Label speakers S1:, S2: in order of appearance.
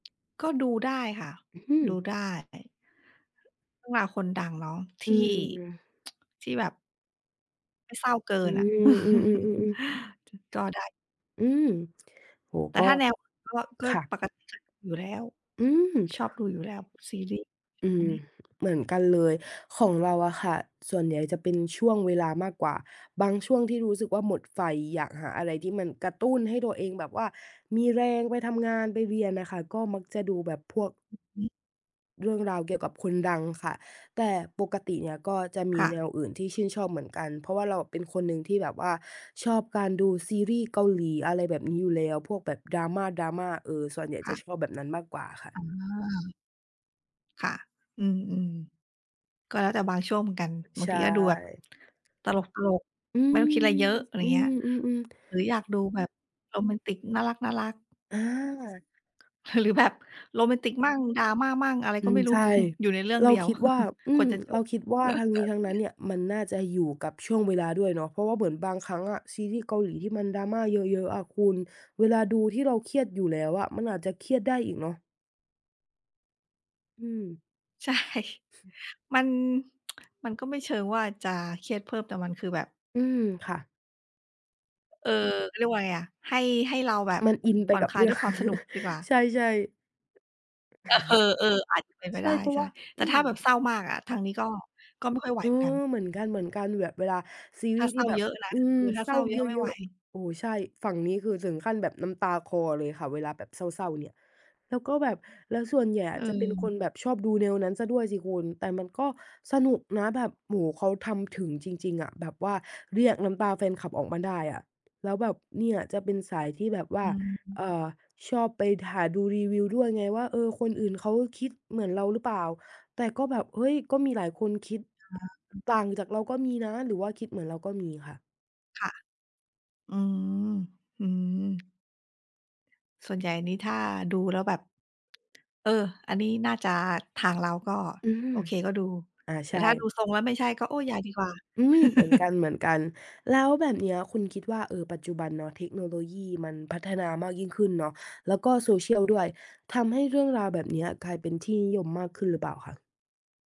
S1: ก็ดูได้ค่ะ
S2: อื
S1: ดู
S2: ม
S1: ได้ ต้องลาคนดังเนาะท
S2: อื
S1: ี่
S2: ม
S1: ที่แบบ ไม่เศร้าเกิ
S2: อื
S1: นอะ
S2: ม อือ ๆ ๆ ๆ
S1: จ ก็ได้
S2: อืม โอ้โฮ
S1: แต่
S2: ก็
S1: ถ้าแนว ก็ ก็
S2: ค่ะ
S1: ปกติก็ อยู่แล้ว
S2: อืม
S1: ชอบดูอยู่แล้วซีรีส์
S2: อื
S1: อ
S2: ม
S1: ุ๊ย!
S2: เหมือนกันเลย ของเราอะค่ะ ส่วนใหญ่จะเป็นช่วงเวลามากกว่า บางช่วงที่รู้สึกว่าหมดไฟ อยากหาอะไรที่มันกระตุ้นให้ตัวเองแบบว่ามีแรงไปทำงาน ไปเรียนน่ะค่ะ ก็มักจะดูแบบพวก
S1: อือฮึ
S2: เรื่องราวเกี่ยวกับคนดังค่ะ แต่ปกติเนี่ยก็จะม
S1: ค
S2: ี
S1: ่
S2: แน
S1: ะ
S2: วอื่นที่ชื่นชอบเหมือนกัน เพราะว่าเราเป็นคนหนึ่งที่แบบว่าชอบการดูซีรีส์เกาหลี อะไรแบบนี้อยู่แล้ว พวกแบบ Drama Drama เออ ส่วนใหญ่
S1: ค
S2: จะ
S1: ่ะ
S2: ชอบแบบนั้นมากกว่าค่
S1: อ๋
S2: ะ
S1: อ ค่ะ อืม ๆ ก็แล้วแต่บางช่วงเหมือนกัน บ
S2: ใ
S1: า
S2: ช
S1: ง
S2: ่
S1: ทีก็ดูแบบ ตลก
S2: อื
S1: ๆ ไม่ต้องคิดอะไรเย
S2: ม
S1: อะ อะไรอ
S2: อ
S1: ย
S2: ื
S1: ่างเงี้ย
S2: ม ๆ ๆ
S1: หรืออยากดูแบบโรแมนติก น่ารัก ๆ
S2: อา
S1: หรือแบบโรแมนติกมั่ง Drama มั่ง อะไร
S2: อ
S1: ก
S2: ื
S1: ็ไ
S2: ม
S1: ม่รู้
S2: ใช่
S1: อยู่ในเรื่อ
S2: เ
S1: ง
S2: ร
S1: เ
S2: า
S1: ดียว
S2: คิดว่า อื
S1: คว
S2: ม
S1: รจะจ
S2: เรา
S1: บ
S2: คิดว่าทั้งนี้ทั้งนั้นเนี่ย มันน่าจะอยู่กับช่วงเวลาด้วยเนาะ เพราะว่าเหมือนบางครั้งอะ ซีรีส์เกาหลีที่มัน Drama เยอะ ๆ อะคุณ เวลาดูที่เราเครียดอยู่แล้วอะ มันอาจจะเครียดได้อีกเนาะ อืม
S1: ใช่ มัน มันก็ไม่เชิงว่าจะเครียดเพิ่ม แต่มันคือแบบ
S2: อืม ค่ะ
S1: เออ เรียกว่าไรอะ ให้ ให้เราแบบ
S2: มันอินไ
S1: ผ
S2: ป
S1: ่อ
S2: ก
S1: น
S2: ับ
S1: คล
S2: เ
S1: า
S2: ร
S1: ย
S2: ื่
S1: ด้
S2: อง
S1: วยความสนุกดีกว่า
S2: ใช่ ๆ
S1: เออ เออ อาจจะเป็นไป
S2: ใช
S1: ไ
S2: ่
S1: ด้
S2: เพรา
S1: ใ
S2: ะ
S1: ช
S2: ว
S1: ่
S2: ่า
S1: แ
S2: อ
S1: ต่
S2: ื
S1: ถ้าแบบเศ
S2: ม
S1: ร้ามากอะ ทางนี้ก็ ก็ไม่ค่อยไหว
S2: เออ
S1: เหมือนกัน
S2: เหมือนกัน ๆ แบบเวลาซี
S1: ถ
S2: ร
S1: ้า
S2: ีส์
S1: เศ
S2: ท
S1: ร้
S2: ี่
S1: า
S2: แบ
S1: เย
S2: บ
S1: อะนะ
S2: อื
S1: ค
S2: ม
S1: ือถ้า
S2: เศ
S1: เ
S2: ร
S1: ศ
S2: ้
S1: ร้
S2: า
S1: าเย
S2: เ
S1: อะไม่ไ
S2: ย
S1: หว
S2: อะ ๆ โอ้ ใช่ ฝั่งนี้คือถึงขั้นแบบน้ำตาคลอเลยค่ะเวลาแบบเศร้า ๆ เนี่ย แล้วก็แบบ แล้วส่วนใหญ่อะจะเป็นค
S1: เออ
S2: นแบบชอบดูแนวนั้นเสียด้วยสิคุณ แต่มันก็สนุกนะแบบ โอ้โฮ เขาทำถึงจริง ๆ อะ แบบว่าเรียกน้ำตาแฟนคลับออกมาได้อะ แล้วแบบ เนี่ย จะเป็นสายที่แบบว
S1: อ
S2: ่า
S1: ื
S2: เ
S1: ม
S2: อ่อ ชอบไปหาดูรีวิวด้วยไงว่า เออ คนอื่นเขาคิดเหมือนเราหรือเปล่า แต่ก็แบบ เฮ้ย ก็มีหลายคนคิด
S1: ค่ะ
S2: ต่างจากเราก็มีนะ หรือว่าคิดเหมือนเราก็มีค่ะ
S1: ค่ะ อืม อืม ส่วนใหญ่นี่ถ้าดูแล้วแบบ เออ อันนี้น่าจะทางเราก็
S2: อืม
S1: โอเค ก็ดู
S2: อา
S1: แต
S2: ใช
S1: ่
S2: ่
S1: ถ้าดูทรงแล้วไม่ใช่ก็ โอ๊ย อย่าดีกว่า
S2: อืม เหมือนกัน ๆ แล้วแบบเนี้ยคุณคิดว่า เออ ปัจจุบันเนาะ เทคโนโลยีมันพัฒนามากยิ่งขึ้นเนาะ แล้วก็ social ด้วย ทำให้เรื่องราวแบบเนี้ยกลายเป็นที่นิยมมากขึ้นหรือเปล่าคะ?